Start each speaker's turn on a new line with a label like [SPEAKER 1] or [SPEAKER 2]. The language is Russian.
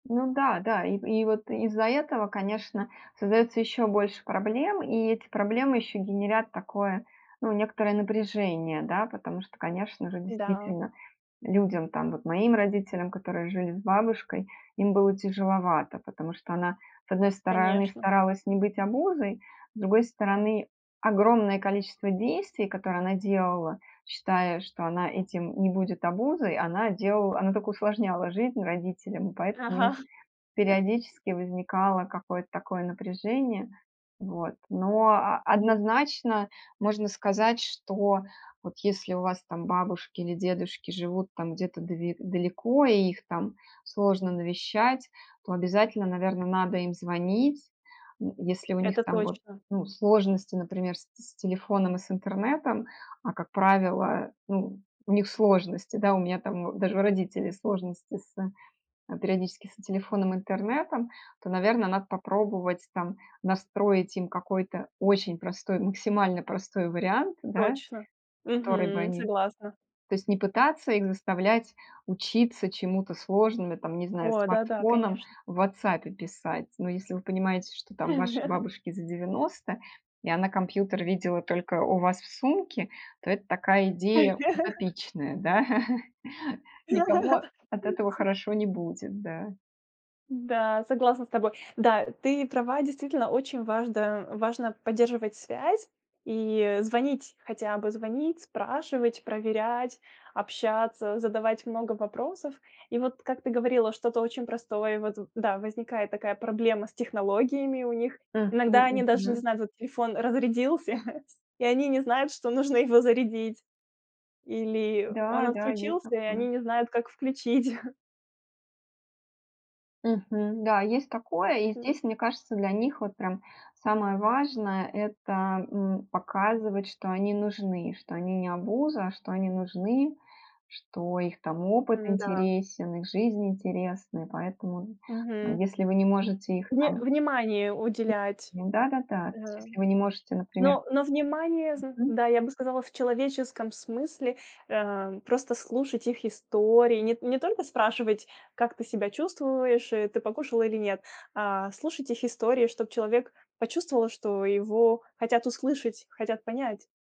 [SPEAKER 1] Ну да, да. И в и вот из-за этого, конечно, создается еще больше проблем, и эти проблемы еще генерят такое, ну, некоторое напряжение, да. Потому что, конечно же,
[SPEAKER 2] Да.
[SPEAKER 1] действительно, людям, там, вот моим родителям, которые жили с бабушкой, им было тяжеловато. Потому что она, с одной стороны,
[SPEAKER 2] Конечно.
[SPEAKER 1] старалась не быть обузой, с другой стороны, огромное количество действий, которые она делала, считая, что она этим не будет обузой, она делал она только усложняла жизнь родителям. И поэтому нь
[SPEAKER 2] Ага.
[SPEAKER 1] периодически возникало какое-то такое напряжение. Вот. Но а
[SPEAKER 2] Мгм.
[SPEAKER 1] однозначно можно сказать, что вот если у вас там бабушки или дедушки живут, там, где-то дави далеко и их там сложно навещать, то обязательно, наверно, надо им звонить. М. Если у них
[SPEAKER 2] Это
[SPEAKER 1] там, вот,
[SPEAKER 2] точно.
[SPEAKER 1] ну, сложности, например, с с телефоном и с интернетом. А как правило, ну, у них сложности, да. У меня, там, даже у родителей сложности с э, периодически с телефоном, интернетом, то, наверно, надо попробовать там настроить им какой-то очень простой, максимально простой вариант, да.
[SPEAKER 2] Точно.
[SPEAKER 1] Который бы
[SPEAKER 2] Мгм.
[SPEAKER 1] они
[SPEAKER 2] Согласна.
[SPEAKER 1] то есть не пытаться их заставлять учиться чему-то сложным и, там, не знаю,
[SPEAKER 2] О. Да-да.
[SPEAKER 1] смартфоном
[SPEAKER 2] Конечно.
[SPEAKER 1] в "Вотсапе" писать. Но если вы понимаете, что, там, вашей бабушке за 90, и она компьютер видела только у вас в сумке, то это такая идея утопичная, да. Никому от
[SPEAKER 2] И
[SPEAKER 1] этого
[SPEAKER 2] ц.
[SPEAKER 1] хорошо не будет, да.
[SPEAKER 2] Да. Согласна с тобой. Да. Ты права. Действительно, очень важда важно поддерживать связь. И звонить, хотя бы звонить, спрашивать, проверять, общаться, задавать много вопросов. И вот как ты говорила, что-то очень простое вот да, возникает такая проблема с технологиями у них.
[SPEAKER 1] Мгм
[SPEAKER 2] Иногда они даже не
[SPEAKER 1] мгм.
[SPEAKER 2] знают вот телефон разрядился, и они не знают, что нужно его зарядить. Или
[SPEAKER 1] Да,
[SPEAKER 2] он
[SPEAKER 1] да, есть
[SPEAKER 2] отключился, и
[SPEAKER 1] такое.
[SPEAKER 2] они не знают, как включить.
[SPEAKER 1] Мгм. Да, есть такое. И
[SPEAKER 2] М.
[SPEAKER 1] здесь, мне кажется, для них вот прям самое важное- это, м, показывать, что они нужны. Что они- не обуза, что они нужны. Что их там опыт
[SPEAKER 2] М-да.
[SPEAKER 1] интересен, их жизнь интересна. И поэтому, э,
[SPEAKER 2] Мгм.
[SPEAKER 1] если вы не можете их
[SPEAKER 2] Вни
[SPEAKER 1] там
[SPEAKER 2] внимание уделять.
[SPEAKER 1] м. Да-да-да. То есть
[SPEAKER 2] А.
[SPEAKER 1] если вы не можете, например
[SPEAKER 2] Но но внимание зн
[SPEAKER 1] мгм.
[SPEAKER 2] да, я бы сказала, в человеческом смысле, а, просто слушать их истории. Нет не только спрашивать: "Как ты себя чувствуешь?" И: "Ты покушала, или нет?" А слушать их истории, чтоб человек почувствовал, что его хотят услышать, хотят понять.